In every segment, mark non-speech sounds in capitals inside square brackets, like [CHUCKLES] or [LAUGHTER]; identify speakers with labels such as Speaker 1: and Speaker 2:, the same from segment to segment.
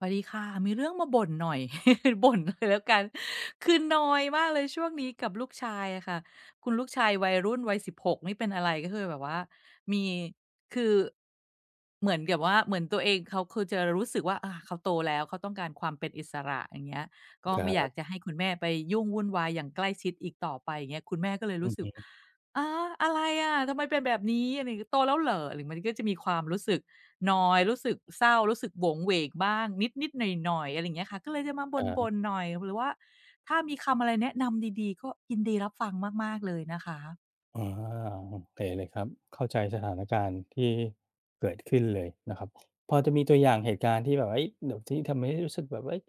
Speaker 1: สวัสดีค่ะ มีเรื่องมาบ่นหน่อย [CHUCKLES] บ่นเลยแล้วกัน คือนอยมากเลยช่วงนี้กับลูกชายอะค่ะ คุณลูกชายวัยรุ่น วัย 16 นี่เป็นอะไร ก็คือแบบว่า มี คือ เหมือนกับว่า เหมือนตัวเอง เขาจะรู้สึกว่า อา เขาโตแล้ว เขาต้องการความเป็นอิสระ อย่างเงี้ย ก็
Speaker 2: คร
Speaker 1: ไม่อยา
Speaker 2: ับ
Speaker 1: กจะให้คุณแม่ไปยุ่งวุ่นวายอย่างใกล้ชิดอีกต่อไป อย่างเงี้ย คุณแม่ก็เลย
Speaker 2: อ
Speaker 1: รู
Speaker 2: ื
Speaker 1: ้
Speaker 2: อ
Speaker 1: ส
Speaker 2: ฮ
Speaker 1: ึก
Speaker 2: ึ
Speaker 1: "ฮะ อะไรอะ ทำไมเป็นแบบนี้?" อะไรอย่างงี้ "โตแล้วเหรอ?" อะไร มันก็จะมีความรู้สึกนอย รู้สึกเศร้า รู้สึกโหวงเหวงบ้างนิด ๆ หน่อย ๆ อะไรอย่างเงี้ยค่ะ ก็เลยจะมา
Speaker 2: ค
Speaker 1: บ
Speaker 2: ร
Speaker 1: ่
Speaker 2: ับ
Speaker 1: น ๆ หน่อย หรือว่าถ้ามีคำอะไรแนะนำดี ๆ ก็ยินดีรับฟังมาก ๆ เลยนะคะ
Speaker 2: อ๋อ โอเคเลยครับ เข้าใจสถานการณ์ที่เกิดขึ้นเลยนะครับ พอจะมีตัวอย่างเหตุการณ์ที่แบบ เฮ้ย แบบที่ทำให้รู้สึกแบบว่า เฮ้ย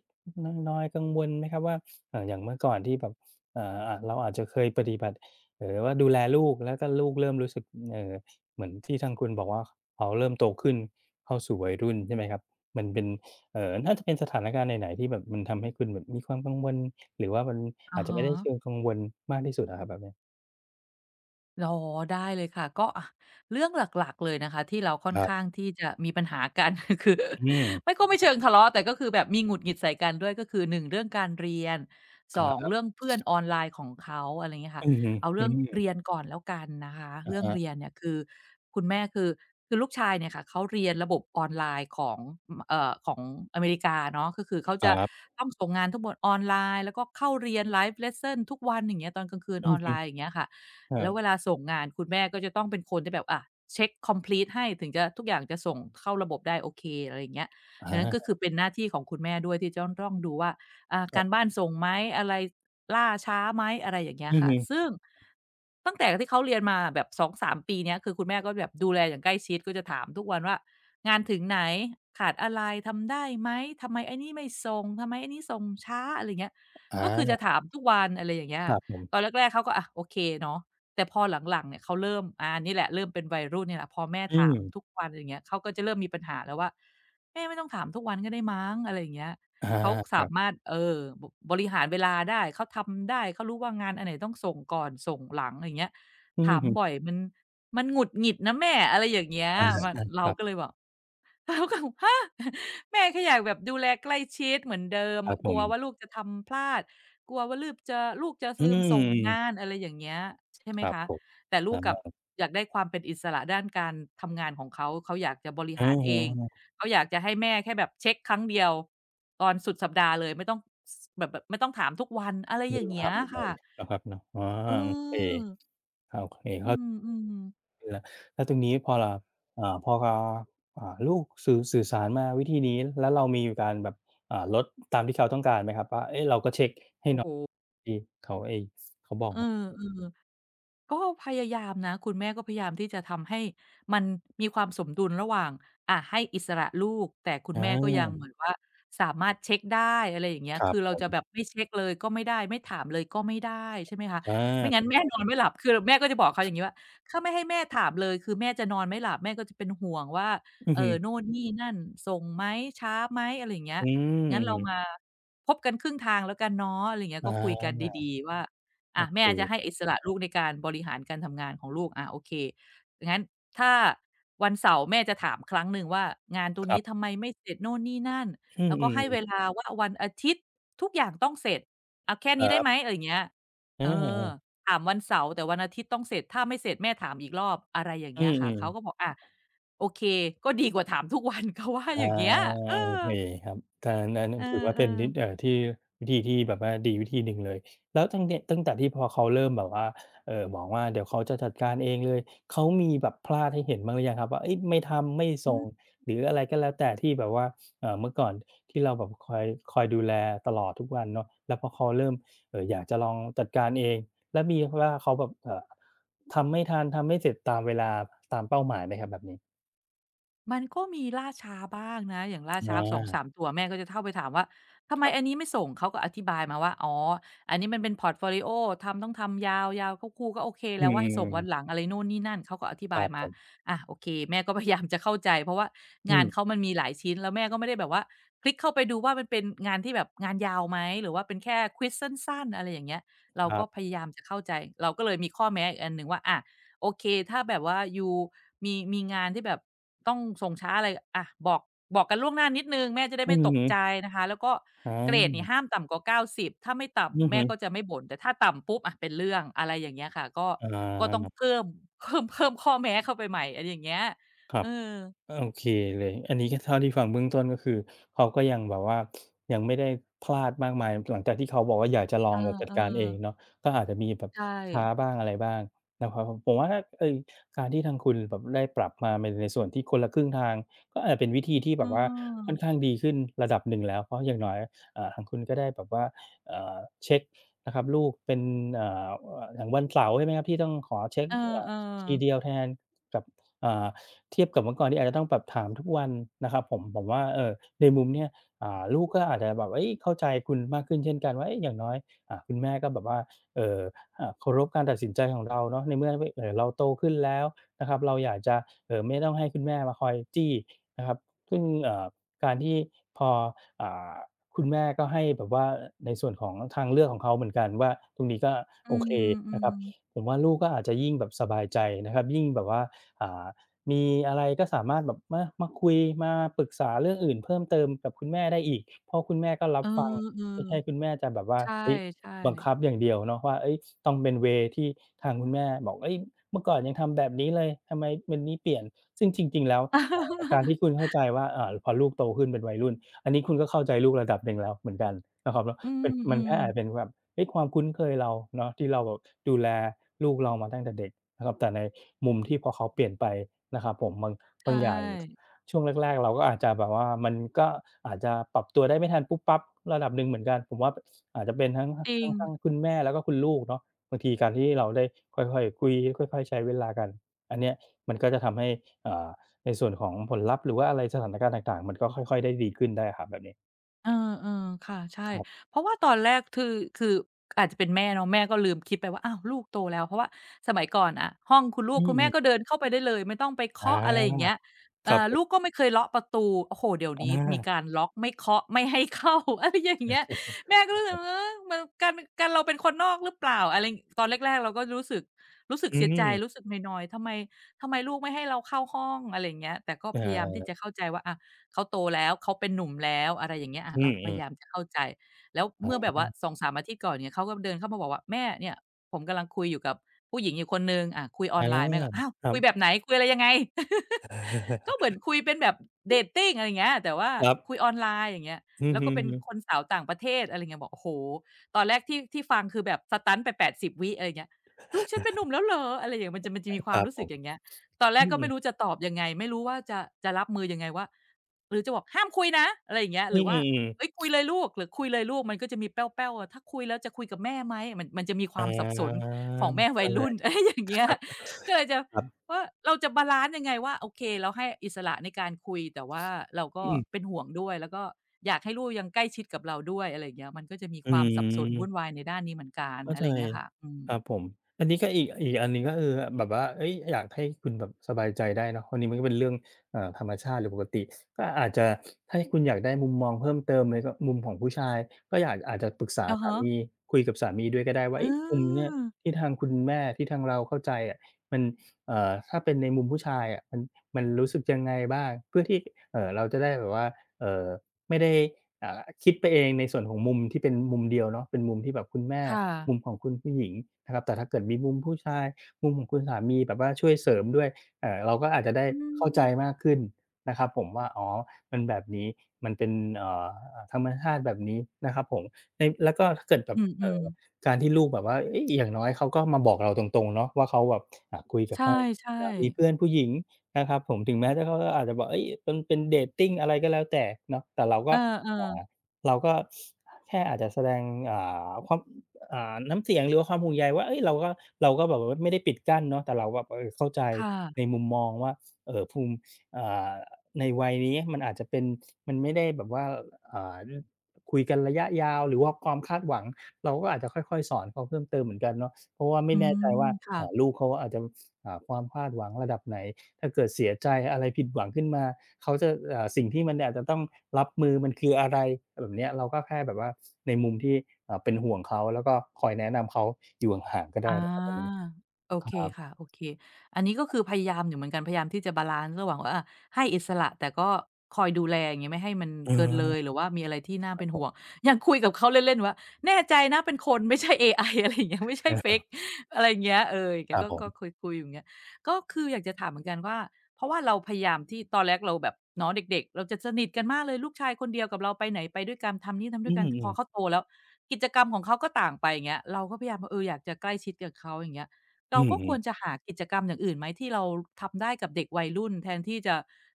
Speaker 2: อ นอย ๆ กังวลไหมครับว่า เอ่อ อย่างเมื่อก่อนที่แบบ อ่า อ่า เราอาจจะเคยปฏิบัติ หรือว่าดูแลลูก แล้วก็ลูกเริ่มรู้สึก เอ่อ เหมือนที่ทางคุณบอกว่า เขาเริ่มโตขึ้นเข้าสู่วัยรุ่น ใช่ไหมครับ มันเป็น เอ่อ น่าจะเป็นสถานการณ์ไหน ๆ ที่แบบมันทำให้คุณมีความกังวล หรือว่ามัน
Speaker 1: อ
Speaker 2: อ
Speaker 1: ะ
Speaker 2: าจจะ
Speaker 1: ฮ
Speaker 2: ไม่ได้เช
Speaker 1: ะ
Speaker 2: ิงกังวลมากที่สุดอะครับ แบบเนี้ย?
Speaker 1: ล อ๋อ ได้เลยค่ะ ก็ อะ เรื่องหลัก ๆ เลยนะคะที่เราค่อ
Speaker 2: ค
Speaker 1: น
Speaker 2: รั
Speaker 1: ข
Speaker 2: บ
Speaker 1: ้างที่จะมีปัญหากัน [CHUCKLES] คือ
Speaker 2: อืม
Speaker 1: ไม่ ก็ไม่เชิงทะเลาะ แต่ก็คือแบบมีหงุดหงิดใส่กันด้วย ก็คือ 1 เรื่องการเรียน ส
Speaker 2: คร
Speaker 1: อง เ
Speaker 2: ั
Speaker 1: ร
Speaker 2: บ
Speaker 1: ื่องเพื่อนออนไลน์ของเขา อะไรเงี้ยค่
Speaker 2: อ
Speaker 1: ะ
Speaker 2: ือฮึ
Speaker 1: เอาเร
Speaker 2: อ
Speaker 1: ื
Speaker 2: ื
Speaker 1: ่องเร
Speaker 2: อ
Speaker 1: ียนก่อนแล้วกันนะคะ
Speaker 2: อ
Speaker 1: เร
Speaker 2: ะ
Speaker 1: ื่อ
Speaker 2: ฮ
Speaker 1: ง
Speaker 2: ะ
Speaker 1: เรียนเนี่ยคือ คุณแม่คือ คือลูกชายเนี่ยค่ะเขาเรียนระบบออนไลน์ของ เอ่อ ของอเมริกาเนาะ ก็คือเขา
Speaker 2: ค
Speaker 1: จ
Speaker 2: ร
Speaker 1: ะ
Speaker 2: ับ
Speaker 1: ต้องส่งงานทั้งบนออนไลน์ แล้วก็เข้าเรียน Live Lesson ทุกวัน อย่างเงี้ย ตอนกลางคืน
Speaker 2: อื
Speaker 1: อ
Speaker 2: อ
Speaker 1: อน
Speaker 2: ฮ
Speaker 1: ไล
Speaker 2: ึ
Speaker 1: น์ อย่างเงี้ยค่ะ
Speaker 2: ครั
Speaker 1: แล้วเ
Speaker 2: บ
Speaker 1: วลาส่งงาน คุณแม่ก็จะต้องเป็นคนที่แบบ อะ เช็ก คอมพลีต ให้ ถึงจะ ทุกอย่างจะส่งเข้าระบบได้โอเค อะไรอย่างเงี้ย
Speaker 2: อะ
Speaker 1: ดังนั้
Speaker 2: ฮ
Speaker 1: น ก็คื
Speaker 2: ะ
Speaker 1: อเป็นหน้าที่ของคุณแม่ด้วยที่จะล่อง ต้องดูว่า อ่า ก
Speaker 2: คร
Speaker 1: า
Speaker 2: ับ
Speaker 1: รบ้านส่งไหม อะไรล่าช้าไหม อะไรอย่างเงี้
Speaker 2: อ
Speaker 1: ย
Speaker 2: ือ
Speaker 1: ค่ะ
Speaker 2: ฮึ
Speaker 1: ซึ่ง ตั้งแต่ที่เขาเรียนมาอะ แบบ 2-3 ปีเนี้ยคือคุณแม่ก็แบบดูแลอย่างใกล้ชิด ก็จะถามทุกวันว่า "งานถึงไหน? ขาดอะไร? ทำได้ไหม? ทำไมไอ้นี่ไม่ส่ง? ทำไมไอ้นี่ส่งช้า?" อะไรเงี้ย ก็คือ
Speaker 2: อ
Speaker 1: จ
Speaker 2: า
Speaker 1: ะถามทุกวัน อะไรอย่างเงี้ย
Speaker 2: ค
Speaker 1: ค่
Speaker 2: ร
Speaker 1: ะ
Speaker 2: ับผม
Speaker 1: ตอนแรก ๆ เขาก็ อะ โอเคเนาะ แต่พอหลัง ๆ เนี่ยเขาเริ่ม อ่า นี่แหละ เริ่มเป็นวัยรุ่นเนี่ยแหละ พอแม่
Speaker 2: อื
Speaker 1: ถาม
Speaker 2: ม
Speaker 1: ทุกวัน อะไรเงี้ย เขาก็จะเริ่มมีปัญหาแล้วว่า "แม่ไม่ต้องถามทุกวันก็ได้มั้ง" อะไรอย่างเงี้ย
Speaker 2: อา
Speaker 1: เขาส
Speaker 2: คร
Speaker 1: า
Speaker 2: ับ
Speaker 1: มารถ เออ บ บริหารเวลาได้ เขาทำได้ เขารู้ว่างานอันไหนต้องส่งก่อน ส่งหลัง อะไรอย่างเงี้ย
Speaker 2: อื
Speaker 1: "ถ
Speaker 2: อ
Speaker 1: าม
Speaker 2: ฮึ
Speaker 1: บ่อยมัน มันหงุดหงิดนะแม่" อะไรอย่างเงี้ย
Speaker 2: อา อ
Speaker 1: มัน
Speaker 2: า
Speaker 1: เรา
Speaker 2: ครับ
Speaker 1: ก็เลยแบบ เราก็แบบ "ฮะ?" แม่แค่อยากแบบดูแลใกล้ชิดเหมือนเดิม
Speaker 2: ค
Speaker 1: เ
Speaker 2: ร
Speaker 1: อ
Speaker 2: ั
Speaker 1: ่
Speaker 2: บ
Speaker 1: อ
Speaker 2: ผ
Speaker 1: กลัวว
Speaker 2: ม
Speaker 1: ่าลูกจะทำพลาด กลัวว่าลืบจะ ลูกจะ
Speaker 2: อ
Speaker 1: ส
Speaker 2: ื
Speaker 1: ลืมส่งง
Speaker 2: ม
Speaker 1: าน อะไรอย่างเงี้ย ใช่ไห
Speaker 2: ค
Speaker 1: ม
Speaker 2: รั
Speaker 1: ค
Speaker 2: บ
Speaker 1: ะ
Speaker 2: ผม
Speaker 1: แต่ล
Speaker 2: อ
Speaker 1: ูกกลับ
Speaker 2: า
Speaker 1: อยากได้ความเป็นอิสระด้านการทำงานของเขา เขาอยากจะบริ
Speaker 2: อื
Speaker 1: หาร
Speaker 2: อฮ
Speaker 1: เอ
Speaker 2: ึ
Speaker 1: ง
Speaker 2: ๆ
Speaker 1: เขาอยากจะให้แม่แค่แบบเช็กครั้งเดียว ตอนสุดสัปดาห์เลย ไม่ต้อง ส แบบ แบบไม่ต้องถามทุกวัน อะไร
Speaker 2: ไม่
Speaker 1: อย่า
Speaker 2: ต
Speaker 1: ง
Speaker 2: ้อ
Speaker 1: เ
Speaker 2: ง
Speaker 1: ง
Speaker 2: ถ
Speaker 1: ี้
Speaker 2: าม
Speaker 1: ยค
Speaker 2: บ่อ
Speaker 1: ่
Speaker 2: ย
Speaker 1: ะ
Speaker 2: ๆ เนาะครับเนาะ อ๋อ
Speaker 1: อื
Speaker 2: โอเค
Speaker 1: อ
Speaker 2: โอเค
Speaker 1: อ
Speaker 2: เข
Speaker 1: ื
Speaker 2: ้า
Speaker 1: อ ๆ
Speaker 2: ล แล้วตรงนี้พอลา อ่า พอเรา อ่า ลูกสื่อ สื่อสารมาวิธีนี้ แล้วเรามีการแบบ อ่า ลด ตามที่เขาต้องการไหมครับ? ว่า เอ๊ะ เราก็เช็กให้
Speaker 1: โอ้
Speaker 2: น้
Speaker 1: โ
Speaker 2: อง
Speaker 1: ฮ
Speaker 2: ที เขา ไอ้ เขาบอ
Speaker 1: เ
Speaker 2: ก
Speaker 1: ออ
Speaker 2: มา
Speaker 1: ๆ ก็พยายามนะ คุณแม่ก็พยายามที่จะทำให้มันมีความสมดุลระหว่าง อะ ให้อิสระลูก แต่คุณ
Speaker 2: อ
Speaker 1: แม่ก็ยัง
Speaker 2: า
Speaker 1: เหมือนว่า สามารถเช็กได้ อะไรอย่างเงี้ย
Speaker 2: คร
Speaker 1: ค
Speaker 2: ับ
Speaker 1: ือเร
Speaker 2: ผ
Speaker 1: าจะ
Speaker 2: ม
Speaker 1: แบบไม่เช็กเลยก็ไม่ได้ ไม่ถามเลยก็ไม่ได้ ใช่ไหมคะ
Speaker 2: อา
Speaker 1: ไม่งั
Speaker 2: ถ
Speaker 1: ้
Speaker 2: ู
Speaker 1: น
Speaker 2: ก
Speaker 1: แม่
Speaker 2: ต้อ
Speaker 1: นอน
Speaker 2: ง
Speaker 1: ไม่หลับ คือแม่ก็จะบอกเขาอย่างงี้ว่า "ถ้าไม่ให้แม่ถามเลย คือแม่จะนอนไม่หลับ แม่ก็จะเป็นห่วงว่า
Speaker 2: อื
Speaker 1: เ
Speaker 2: อ
Speaker 1: อ่
Speaker 2: ฮึ
Speaker 1: อ โน่นนี่นั่นส่งไหม? ช้าไหม?" อะไรอย่างเงี้
Speaker 2: อ
Speaker 1: ย "งั้นเรา
Speaker 2: ืม
Speaker 1: มาพบกันครึ่งทางแล้วกันเนาะ" อะไรเงี้
Speaker 2: อ
Speaker 1: ย
Speaker 2: า
Speaker 1: ก็คุยกันดี ๆ ว่า
Speaker 2: โ
Speaker 1: "อ
Speaker 2: อ
Speaker 1: ะ แ
Speaker 2: เ
Speaker 1: ม
Speaker 2: ค
Speaker 1: ่อะจะให้อิสระลูกในการบริหารการทำงานของลูก อะ โอเค งั้นถ้าวันเสาร์แม่จะถามครั้งหนึ่งว่า'งานตัว
Speaker 2: ค
Speaker 1: น
Speaker 2: ร
Speaker 1: ี้
Speaker 2: ับ
Speaker 1: ทำไมไม่เสร็จ?' โน่นนี่นั่น
Speaker 2: อื
Speaker 1: แล้วก็ใ
Speaker 2: อ
Speaker 1: ห้
Speaker 2: ๆ
Speaker 1: เ
Speaker 2: ๆ
Speaker 1: วลาว่า วันอาทิตย์ทุกอย่างต้องเสร็จ เอาแค่
Speaker 2: ค
Speaker 1: นี้
Speaker 2: ร
Speaker 1: ได้
Speaker 2: ับ
Speaker 1: ไหม?" อะไรเงี้ย
Speaker 2: เออ
Speaker 1: เออ
Speaker 2: ๆ ๆ
Speaker 1: ถามวันเสาร์ แต่วันอาทิตย์ต้องเสร็จ ถ้าไม่เสร็จแม่ถามอีกรอบ อะไรอย่าง
Speaker 2: อ
Speaker 1: เ
Speaker 2: ื
Speaker 1: งี้ยค
Speaker 2: ม
Speaker 1: ่ะ เขา
Speaker 2: ๆ
Speaker 1: ก็บอก "อะ โอเค ก็ดีกว่าถามทุกวัน" เขาว่า
Speaker 2: อา
Speaker 1: อย่างเงี้ย เอ
Speaker 2: โอ
Speaker 1: อ
Speaker 2: เคครับ ถ้าอันนั้น ผ
Speaker 1: เออ
Speaker 2: มถือว่า เป็นที่
Speaker 1: ๆ
Speaker 2: อ่า ที่ วิธีที่แบบว่าดีวิธีหนึ่งเลย แล้วทั้ง เนี่ย ตั้งแต่ที่พอเขาเริ่มแบบว่า เอ่อ บอกว่า เดี๋ยวเขาจะจัดการเองเลย เขามีแบบพลาดให้เห็นบ้างหรือยังครับ? ว่า เฮ้ย ไม่ทำ ไม่
Speaker 1: อ
Speaker 2: ส
Speaker 1: ื
Speaker 2: ่ง
Speaker 1: ม
Speaker 2: หรืออะไรก็แล้วแต่ ที่แบบว่า เอ่อ เมื่อก่อนที่เราแบบคอย คอยดูแลตลอดทุกวันเนาะ แล้วพอเขาเริ่ม เอ่อ อยากจะลองจัดการเอง แล้วมี พ ว่าเขาแบบ เอ่อ ทำไม่ทัน ทำไม่เสร็จตามเวลา ตามเป้าหมายไหมครับ แบบนี้?
Speaker 1: มันก็มีล่าช้าบ้างนะ อย่างล่าช
Speaker 2: อ
Speaker 1: ้
Speaker 2: ่
Speaker 1: า 2
Speaker 2: า
Speaker 1: 3 ตัว แม่ก็จะเข้าไปถามว่า "ทำไม
Speaker 2: ครับ
Speaker 1: อันนี้ไม่ส่ง?" เขาก็อธิบายมาว่า "อ๋อ อันนี้มันเป็นพอร์ตโฟลิโอ ทำต้องทำยาว ยาวก็ครูก็โอเค
Speaker 2: อ
Speaker 1: แล้วว่า ให้ส่งวั
Speaker 2: ื
Speaker 1: น
Speaker 2: ม
Speaker 1: หลัง" อะไรนู่นนี่นั่น เขาก็อธิ
Speaker 2: ค
Speaker 1: บ
Speaker 2: ร
Speaker 1: า
Speaker 2: ั
Speaker 1: ย
Speaker 2: บ
Speaker 1: ม
Speaker 2: ผ
Speaker 1: า
Speaker 2: ม
Speaker 1: อะ โอเค แม่ก็พยายามจะเข้าใจ เพราะว่า
Speaker 2: อื
Speaker 1: งานเ
Speaker 2: ม
Speaker 1: ขา มันมีหลายชิ้น แล้วแม่ก็ไม่ได้แบบว่า คลิกเข้าไปดูว่า มันเป็นงานที่แบบงานยาวไหม? หรือว่าเป็นแค่ควิซสั้น ๆ อะไรอย่างเงี้ย เรา
Speaker 2: คร
Speaker 1: ก
Speaker 2: ั
Speaker 1: ็
Speaker 2: บ
Speaker 1: พยายามจะเข้าใจ เราก็เลยมีข้อแม้อีกอันหนึ่งว่า อะ โอเค ถ้าแบบว่ายูมี มีงานที่แบบต้องส่งช้าอะไร อะ บอก บอกกันล่วงหน้านิดหนึ่ง แม่จะได้
Speaker 2: อ
Speaker 1: ไ
Speaker 2: ื
Speaker 1: ม่
Speaker 2: อ
Speaker 1: ต
Speaker 2: ฮ
Speaker 1: กใ
Speaker 2: ึ
Speaker 1: จนะคะ แล้วก็เกรดเนี่ย
Speaker 2: อา
Speaker 1: ห้ามต่ำกว่า 90 ถ้าไม่ต่
Speaker 2: อื
Speaker 1: ำ
Speaker 2: อ
Speaker 1: แม
Speaker 2: ฮ
Speaker 1: ่
Speaker 2: ึ
Speaker 1: ก็จะไม่บ่น แต่ถ้าต่ำปุ๊บอะเป็นเรื่อง อะไรอย่างเงี้ยค่ะ ก็ ก็ต้อง
Speaker 2: อา
Speaker 1: เพิ่ม เพิ่ม เพิ่มข้อแม้เข้าไปใหม่ อะไรอย่างเงี้ย
Speaker 2: คร
Speaker 1: เ
Speaker 2: ั
Speaker 1: อ
Speaker 2: บ
Speaker 1: อ
Speaker 2: โอเคเลย อันนี้ก็เท่าที่ฟังเบื้องต้น ก็คือเขาก็ยังแบบว่า ยังไม่ได้พลาดมากมายหลังจากที่เขาบอกว่า อยากจะล
Speaker 1: เ
Speaker 2: อ
Speaker 1: ออ
Speaker 2: งแบบจัดการเอง
Speaker 1: ๆ
Speaker 2: เนาะ ก็อาจจะมีแบบ
Speaker 1: ใช
Speaker 2: ช้า
Speaker 1: ่
Speaker 2: บ้าง อะไรบ้างนะครับ ผมว่า เอ่อ การที่ทางคุณแบบได้ปรับมาในส่วนที่คนละครึ่งทาง ก็อาจจะเป็นวิธีที่
Speaker 1: อ
Speaker 2: แ
Speaker 1: ื
Speaker 2: บบว่า ค่
Speaker 1: ม
Speaker 2: อนข้างดีขึ้นระดับหนึ่งแล้ว เพราะอย่างน้อย อ่า ทางคุณก็ได้แบบว่า อ่า เช็กนะครับ ลูกเป็น อ่า อย่างวันเสาร์ใช่ไหมครับ ที่ต้องขอเช็ก
Speaker 1: เออ
Speaker 2: อ่า ที
Speaker 1: ๆ
Speaker 2: เดียวแทนกับ อ่า เทียบกับเมื่อก่อนนี้ อาจจะต้องแบบถามทุกวันนะครับผม ผมว่า เอ่อ ในมุมเนี่ย อ่า ลูกก็อาจจะแบบ เฮ้ย เข้าใจคุณมากขึ้นเช่นกันว่า เฮ้ย อย่างน้อย อ่า คุณแม่ก็แบบว่า เอ่อ อ่า เคารพการตัดสินใจของเราเนาะ ในเมื่อ เฮ้ย เอ่อ เราโตขึ้นแล้วนะครับ เราอยากจะ เอ่อ ไม่ต้องให้คุณแม่มาคอยจี้นะครับ ซึ่ง เอ่อ การที่พอ อ่า คุณแม่ก็ให้แบบว่าในส่วนของทางเลือกของเขาเหมือนกันว่า ตรงนี้ก็
Speaker 1: อื
Speaker 2: โอเคนะ
Speaker 1: ม
Speaker 2: ครับ
Speaker 1: ๆ
Speaker 2: ผมว่าลูกก็อาจจะยิ่งแบบสบายใจนะครับ ยิ่งแบบว่า อ่า มีอะไรก็สามารถแบบ มา มาคุย มาปรึกษาเรื่องอื่นเพิ่มเติมกับคุณแม่ได้อีก เพราะคุณแม่ก็รั
Speaker 1: เ
Speaker 2: บ
Speaker 1: ออ
Speaker 2: ฟัง ไม่ใช่คุณแม่จะแบบว่
Speaker 1: ๆ
Speaker 2: า
Speaker 1: ใช
Speaker 2: เฮ้ย
Speaker 1: ่
Speaker 2: บังค
Speaker 1: ๆ
Speaker 2: ับอย่างเดียวเนาะว่า เฮ้ย ต้องเป็น เวย์ ที่ทางคุณแม่บอก เฮ้ย เมื่อก่อนยังทำแบบนี้เลย ทำไมวันนี้เปลี่ยน ซึ่งจริง ๆ แล้ว เอ่อ การที่คุณเข้าใจ
Speaker 1: [LAUGHS]
Speaker 2: ว่า เอ่อ พอลูกโตขึ้นเป็นวัยรุ่น อันนี้คุณก็เข้าใจลูกระดับหนึ่งแล้วเหมือนกันนะครับเนาะ
Speaker 1: อื
Speaker 2: เป็น มันก
Speaker 1: ม
Speaker 2: ็อาจ
Speaker 1: ๆ
Speaker 2: จะเป็นเพราะแบบ เฮ้ย ความคุ้นเคยเราเนาะ ที่เราแบบดูแลลูกเรามาตั้งแต่เด็กนะครับ แต่ในมุมที่พอเขาเปลี่ยนไปนะครับผม บาง
Speaker 1: ใช
Speaker 2: บางอย่าง
Speaker 1: ่
Speaker 2: ช่วงแรก ๆ เราก็อาจจะแบบว่า มันก็อาจจะปรับตัวได้ไม่ทัน ปุ๊บปั๊บระดับหนึ่งเหมือนกัน ผมว่าแบบ ส อาจจะเป็นทั้ง
Speaker 1: จร
Speaker 2: ท
Speaker 1: ิ
Speaker 2: าง ทั้ง
Speaker 1: ง
Speaker 2: ทางคุณแม่ แล้วก็คุณลูกเนาะ บางทีการที่เราได้ค่อย ๆ คุย ค่อย ๆ ใช้เวลากัน อันเนี้ย มันก็จะทำให้ อ่า ในส่วนของผลลัพธ์ หรือว่าอะไร สถานการณ์ต่าง ๆ มันก็ค่อย ๆ ได้ดีขึ้นได้อะครับแบบนี้
Speaker 1: เออ ๆ ค่ะ ใช่
Speaker 2: ครับ
Speaker 1: เพราะว่าตอนแรกทือ คือ อาจจะเป็นแม่เนาะ แม่ก็ลืมคิดไปว่า อ้าว ลูกโตแล้ว เพราะว่าสมัยก่อนอะ ห้องคุณลู
Speaker 2: อื
Speaker 1: ก คุ
Speaker 2: อ
Speaker 1: ณแ
Speaker 2: ฮ
Speaker 1: ม่
Speaker 2: ึ
Speaker 1: ก็เดินเข้าไปได้เลย ไม่ต้องไปเค
Speaker 2: อา
Speaker 1: าะ อะไรอย่างเงี้ย เ
Speaker 2: ค
Speaker 1: อ่
Speaker 2: รับ
Speaker 1: อ
Speaker 2: ผ
Speaker 1: ล
Speaker 2: ม
Speaker 1: ูกก็ไม่เคยเลาะประตู โอ้โฮ เดี๋ยวนี้
Speaker 2: อ
Speaker 1: มี
Speaker 2: า
Speaker 1: การล็อก ไม่เคาะไม่ให้ เข้า อะไรอย่าง เงี้ย แม่ก็รู้สึกว
Speaker 2: [CHUCKLES]
Speaker 1: ่า เออ มันกลายเป กลายเราเป็นคนนอกรึเปล่า อะไร ตอนแรก ๆ เราก็รู้สึก รู้สึ
Speaker 2: อ
Speaker 1: กเสียใจ
Speaker 2: ืม
Speaker 1: รู้สึกนอย ๆ ทำไม ทำไมลูกไม่ให้เราเข้าห้อง อะไรอย่างเงี้ย แต่ก็
Speaker 2: อ
Speaker 1: พยายามที
Speaker 2: า
Speaker 1: ่จะเข้าใจว่า อะ เขาโตแล้ว เขาเป็นหนุ่มแล้ว อะไรอย่างเงี้ย อ่า
Speaker 2: อื
Speaker 1: เราก็พยาย
Speaker 2: ม ๆ
Speaker 1: ามจะเข้าใจ แล้ว
Speaker 2: อ
Speaker 1: เ
Speaker 2: ๋
Speaker 1: มื่อแบบว่า
Speaker 2: อ
Speaker 1: 2 3 อาทิตย์ก่อนเนี่ย เขาก็เดินเข้ามาบอกว่า "แม่เนี่ย ผมกำลังคุยอยู่กับผู้หญิงอีกคนหนึ่ง อา คุยอ
Speaker 2: อ๋
Speaker 1: อ
Speaker 2: อ
Speaker 1: นไลน์" แม่ก็ "อ้าว
Speaker 2: ครั
Speaker 1: คุย
Speaker 2: บ
Speaker 1: แบบไหน? คุยอะไรยังไง?" [LAUGHS] ก็เหมือน
Speaker 2: [CHUCKLES]
Speaker 1: คุยเป็นแบบ
Speaker 2: [GASPS]
Speaker 1: dating อะไรอย่างเงี้ย แต่ว่า
Speaker 2: ครั
Speaker 1: คุ
Speaker 2: บ
Speaker 1: ยออนไลน์ อย่างเงี้ย
Speaker 2: อือ
Speaker 1: แล้ว
Speaker 2: ฮ
Speaker 1: ก
Speaker 2: ึ
Speaker 1: ็เป็นคนสาวต่างประเทศ อะไรอย่างเงี้ย บอก โอ้โฮ ตอนแรกที่ ที่ฟังคือแบบ stun ไป 80 วิ อะไรอย่างเงี้ย ลูกฉันเป็นหนุ่มแล้วเหรอ? อะไรอย่างเงี้ย มันจะ มันจะมี
Speaker 2: [CHUCKLES]
Speaker 1: ค
Speaker 2: ใช่ค
Speaker 1: วา
Speaker 2: ร
Speaker 1: ม
Speaker 2: ับ
Speaker 1: รู้
Speaker 2: ผ
Speaker 1: สึก
Speaker 2: ม
Speaker 1: อย่างเงี้ย ตอนแร
Speaker 2: อื
Speaker 1: กก็ไม่
Speaker 2: ม
Speaker 1: รู้จะตอบยังไง ไม่รู้ว่าจะ จะรับมือยังไงว่า หรือจะบอก "ห้ามคุยนะ" อะไรอย่างเงี้ย
Speaker 2: อ
Speaker 1: ห
Speaker 2: ื
Speaker 1: รื
Speaker 2: อ
Speaker 1: อว
Speaker 2: อื
Speaker 1: ่า
Speaker 2: อ
Speaker 1: "เฮ้ย คุ
Speaker 2: ๆ
Speaker 1: ยเลยลูก" หรือคุยเลยลูก มันก็จะมีแป้ว ๆ อะ ถ้าคุยแล้วจะคุยกับแม่ไหม? มัน มันจะมีคว
Speaker 2: อา
Speaker 1: ามสับสนของแม่ว
Speaker 2: นั
Speaker 1: ั
Speaker 2: ่
Speaker 1: ย
Speaker 2: นแ
Speaker 1: ร
Speaker 2: หล
Speaker 1: ุ
Speaker 2: ะ
Speaker 1: ่น อะไรอย่าง
Speaker 2: ค
Speaker 1: เงี้ย
Speaker 2: รับ
Speaker 1: ก็เลยจะ
Speaker 2: ครับ
Speaker 1: ว่าเราจะบาลันซ์ยังไงว่า โอเค เราให้อิสระในการคุย แต่ว่าเราก
Speaker 2: อ
Speaker 1: ็
Speaker 2: ืม
Speaker 1: เป็นห่วงด้วย แล้วก็อยากให้ลูกยังใกล้ชิดกับเราด้วย อะไรอย่างเงี้ย มันก็จะมี
Speaker 2: อ
Speaker 1: ความสับสนวุ
Speaker 2: ืม
Speaker 1: ่นวายในด้านนี้เหมือนกัน
Speaker 2: เข้า
Speaker 1: อะ
Speaker 2: ใ
Speaker 1: ไร
Speaker 2: จ
Speaker 1: อย่างเงี้ยค่ะ อื
Speaker 2: ครั
Speaker 1: ม
Speaker 2: บผม อันนี้ก็อีก อีกอันหนึ่ง ก็คือแบบว่า เฮ้ย! อยากให้คุณแบบสบายใจได้เนาะ วันนี้มันก็เป็นเรื่อง เอ่อ ธรรมชาติหรือปกติ ก็อาจจะให้คุณอยากได้มุมมองเพิ่มเติม ใน ก็มุมของผู้ชาย ก็อยากอาจจะปรึกษา
Speaker 1: อือ
Speaker 2: ส
Speaker 1: ฮ
Speaker 2: า
Speaker 1: ึ
Speaker 2: มี คุยกับสามีด้วยก็ได้ว่า
Speaker 1: อื
Speaker 2: เอ๊ะ! มุมเนี่ย
Speaker 1: อ
Speaker 2: ที่ทางคุณแม่ ที่ทางเราเข้าใจอะ มัน เอ่อ ถ้าเป็นในมุมผู้ชายอะ มัน มันรู้สึกยังไงบ้าง เพื่อที่ เอ่อ เราจะได้แบบว่า เอ่อ ไม่ได้ อ่า คิดไปเองในส่วนของมุมที่เป็นมุมเดียวเนาะ เป็นมุมที่แบบคุณแม่
Speaker 1: ค่ะ
Speaker 2: มุมของคุณผู้หญิงนะครับ แต่ถ้าเกิดมีมุมผู้ชาย มุมของคุณสามีแบบว่า ช่วยเสริมด้วย เอ่อ เราก็อาจจะได้
Speaker 1: อื
Speaker 2: เข้าใจ
Speaker 1: ม
Speaker 2: มากขึ้นนะครับผมว่า อ๋อ มันแบบนี้ มันเป็น เอ่อ ธรรมชาติแบบนี้นะครับผม ใน แล้วก็ถ้าเกิดแบ
Speaker 1: อ
Speaker 2: บ
Speaker 1: ื
Speaker 2: เอ่
Speaker 1: ม
Speaker 2: อ
Speaker 1: ๆ
Speaker 2: การที่ลูกแบบว่า เฮ้ย อย่างน้อย เขาก็มาบอกเราตรง ๆ เนาะว่าเขาแบบ อ่า คุยกั
Speaker 1: ใช
Speaker 2: บ
Speaker 1: ่
Speaker 2: ทาง อ่า มี
Speaker 1: ๆ
Speaker 2: เพื่อนผู้หญิงนะครับผม ถึงแม้ว่าเขาก็อาจจะแบบ เฮ้ย มันเป็น dating อะไรก็แล้วแต่เนาะ แต่เราก
Speaker 1: เอ
Speaker 2: ็ อ่
Speaker 1: อ ๆ
Speaker 2: า เราก็ [SNIFFS] แค่อาจจะแสดง อ่า ความ อ่า น้ำเสียง หรือว่าความห่วงใยว่า เฮ้ย เราก็ เราก็แบบว่าไม่ได้ปิดกั้นเนาะ แต่เราแบบ เออ เข้าใจ
Speaker 1: ค่ะ
Speaker 2: ในมุมมองว่า เอ่อ ภูมิ อ่า ในวัยนี้มันอาจจะเป็น มันไม่ได้แบบว่า อ่า คุยกันระยะยาว หรือว่าความคาดหวัง เราก็อาจจะค่อย ๆ สอนเขาเพิ่มเติมเหมือนกันเนาะ เพราะว่าไม
Speaker 1: อ
Speaker 2: ่
Speaker 1: ื
Speaker 2: แน่
Speaker 1: ม
Speaker 2: ใจว่า
Speaker 1: ค่
Speaker 2: อ
Speaker 1: ะ
Speaker 2: ่า ลูกเขาก็อาจจะ อ่า ความคาดหวังระดับไหน? ถ้าเกิดเสียใจอะไร ผิดหวังขึ้นมา เขาจะ อ่า สิ่งที่มันอาจจะต้องรับมือมันคืออะไร อะไรแบบเนี้ย เราก็แค่แบบว่าในมุมที่ เอ่อ เป็นห่วงเขา แล้วก็คอยแนะนำเขาอยู่ห่าง ๆ ก็ไ
Speaker 1: อ
Speaker 2: ด้
Speaker 1: า
Speaker 2: นะครับผม
Speaker 1: โอ
Speaker 2: ค
Speaker 1: เค
Speaker 2: รับ
Speaker 1: ค่ะ โอเค อันนี้ก็คือพยายามอยู่เหมือนกัน พยายามที่จะบาลันซ์ระหว่างว่า ให้อิสระแต่ก็คอยดูแล อย่างเงี้ย ไม่ให้มัน
Speaker 2: อื
Speaker 1: เกิ
Speaker 2: ม
Speaker 1: นเลย หรือว่ามีอะไรที่น่า
Speaker 2: คร
Speaker 1: เ
Speaker 2: ั
Speaker 1: ป็
Speaker 2: บ
Speaker 1: น
Speaker 2: ผ
Speaker 1: ห
Speaker 2: ม
Speaker 1: ่วง ยังคุยกับเขาเล่น ๆ ว่า "แน่ใจนะเป็นคน ไม่ใช่เอไอ?" อะไรอย่างเงี้ย ไม่ใช
Speaker 2: เ
Speaker 1: ่
Speaker 2: ออ
Speaker 1: fake อะไรเงี้ย เออ แก
Speaker 2: ครับ
Speaker 1: ก็
Speaker 2: ผ
Speaker 1: ก็
Speaker 2: ม
Speaker 1: คุย ๆ อยู่ อย่างเงี้ย ก็คืออยากจะถามเหมือนกันว่า เพราะว่าเราพยายามที่ ตอนแรกเราแบบเนาะเด็ก ๆ เราจะสนิทกันมากเลย ลูกชายคนเดียวกับเราไปไหนไปด้วยกัน ทำนี่ทำด้
Speaker 2: อื
Speaker 1: วยกัน พอ
Speaker 2: อ
Speaker 1: เขาโตแล้ว กิจกรรมของเขาก็ต่างไป อย่างเงี้ย เราก็พยายามว่า เออ อยากจะใกล้ชิดกับเขา อย่างเงี้ย เร
Speaker 2: อ
Speaker 1: า
Speaker 2: ือ
Speaker 1: ก็
Speaker 2: ฮ
Speaker 1: ค
Speaker 2: ึ
Speaker 1: วรจะหากิจกรรมอย่างอื่นไหม ที่เราทำได้กับเด็กวัยรุ่น แทนที่จะ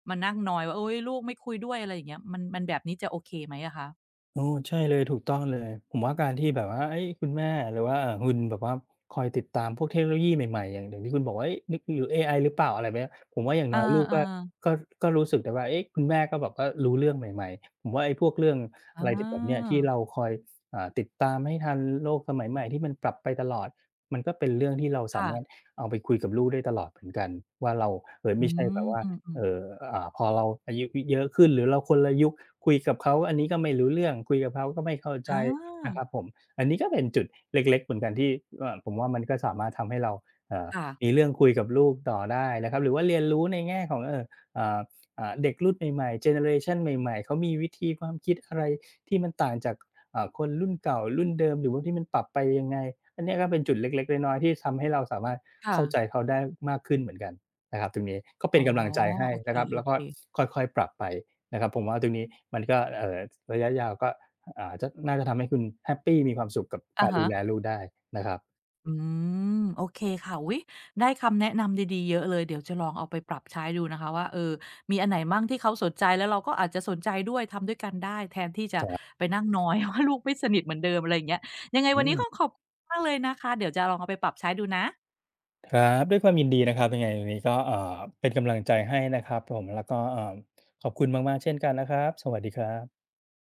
Speaker 1: มานั่งนอยว่า โอ๊ย ลูกไม่คุยด้วย อะไรอย่างเงี้ย มัน มันแบบนี้จะโอเคไหมอะคะ?
Speaker 2: อ๋อ ใช่เลย ถูกต้องเลย ผมว่าการที่แบบว่า เฮ้ย! คุณแม่ หรือว่าคุณแบบว่า คอยติดตามพวกเทคโนโลยีใหม่ ๆ อย่าง อย่างที่คุณบอกว่า เฮ้ย! เอไอหรือเปล่า? อะไรแบบเนี้ย ผมว่าอย่าง
Speaker 1: อ
Speaker 2: น
Speaker 1: า
Speaker 2: ้อยลูก
Speaker 1: เอ
Speaker 2: ก็
Speaker 1: อ
Speaker 2: ก็ ก็รู้สึกได้ว่า เอ๊ะ คุณแม่ก็แบบว่ารู้เรื่องใหม่ ๆ ผมว่าไอ้พวกเรื่อง
Speaker 1: อ๋
Speaker 2: อ
Speaker 1: อ
Speaker 2: ะไรที่แบบเนี้ย ที่เราคอยติดตามให้ทันโลกสมัยใหม่ ที่มันปรับไปตลอด มันก็เป็นเรื่องที่เราส
Speaker 1: ค
Speaker 2: า
Speaker 1: ่
Speaker 2: ม
Speaker 1: ะ
Speaker 2: ารถเอาไปคุยกับลูกได้ตลอดเหมือนกันว่า เรา เอ่อ
Speaker 1: อ
Speaker 2: ไม
Speaker 1: ื
Speaker 2: ่ใช่แบ
Speaker 1: ม
Speaker 2: บว่า
Speaker 1: อืม
Speaker 2: เอ
Speaker 1: ๆ
Speaker 2: ่อ อ่า พอเราอายุ ย เยอะขึ้น หรือเราคนละยุค คุยกับเขาอันนี้ก็ไม่รู้เรื่อง คุยกับเขาก็ไม่เข้าใ
Speaker 1: อ
Speaker 2: จนะค
Speaker 1: า
Speaker 2: รับผม อันนี้ก็เป็นจุดเล็ก ๆ เหมือนกันที่ เอ่อ ผมว่ามันก็สามารถทำให้เรา เอ่อ
Speaker 1: ค่ะ
Speaker 2: มีเรื่องคุยกับลูกต่อได้นะครับ หรือว่าเรียนรู้ในแง่ของ เออ อ่า อ่า เด็กรุ่นใหม่ ๆ เจเนอเรชันใหม่ ๆ เขามีวิธีความคิดอะไร ที่มันต่างจาก อ่า คนรุ่นเก่ารุ่นเดิม หรือว่าที่มันปรับไปยังไง? อันนี้ก็เป็นจุดเล็ก ๆ น้อย ๆ ที่ทำให้เราสามารถ
Speaker 1: ค่
Speaker 2: เข้า
Speaker 1: ะ
Speaker 2: ใจเขาได้มากขึ้นเหมือนกันนะครับตรงนี้ ก็เป
Speaker 1: อ๋
Speaker 2: ็
Speaker 1: อ
Speaker 2: นกำลังใจให้
Speaker 1: โอเค
Speaker 2: นะครับ แล้วก็
Speaker 1: ๆ
Speaker 2: ค่อย ๆ ปรับไปนะครับ ผมว่าตรงนี้ก็ เอ่อ ระยะยาวก็ อ่า น่าจะทำให้คุณแฮปปีมีความสุขกับ
Speaker 1: อ
Speaker 2: กา
Speaker 1: ะ
Speaker 2: ร
Speaker 1: ฮ
Speaker 2: ดู
Speaker 1: ะ
Speaker 2: แลลูกได้นะครับ
Speaker 1: อืม โอเคค่ะ อุ๊ย! ได้คำแนะนำดี ๆ เยอะเลย เดี๋ยวจะลองเอาไปปรับใช้ดูนะคะ ว่า เอ่อ มีอันไหนมั่ งที่เขาสนใจ แล้วเราก็อาจจะสนใจด้วย ทำด้วยกันได้ แทนที่จะ
Speaker 2: [UNINTELLIGIBLE]
Speaker 1: ไปนั่งนอย ว่า ลูกไม่สนิทเหมือนเดิม อะไรอย่างเงี้ย ยังไง
Speaker 2: อ
Speaker 1: ว
Speaker 2: ื
Speaker 1: ันนี้ก็
Speaker 2: ม
Speaker 1: ขอบคุณมาก เลยนะคะ เดี๋ยวจะลองเอาไปปรับใช้ดูนะ
Speaker 2: ครับ ด้วยความยินดีนะครับ ยังไงวันนี้ก็ อ่า เป็นกำลังใจให้นะครับผม แล้วก็ เอ่อ ขอบคุณมาก ๆ เช่นกันนะครับ สวัสดีครับ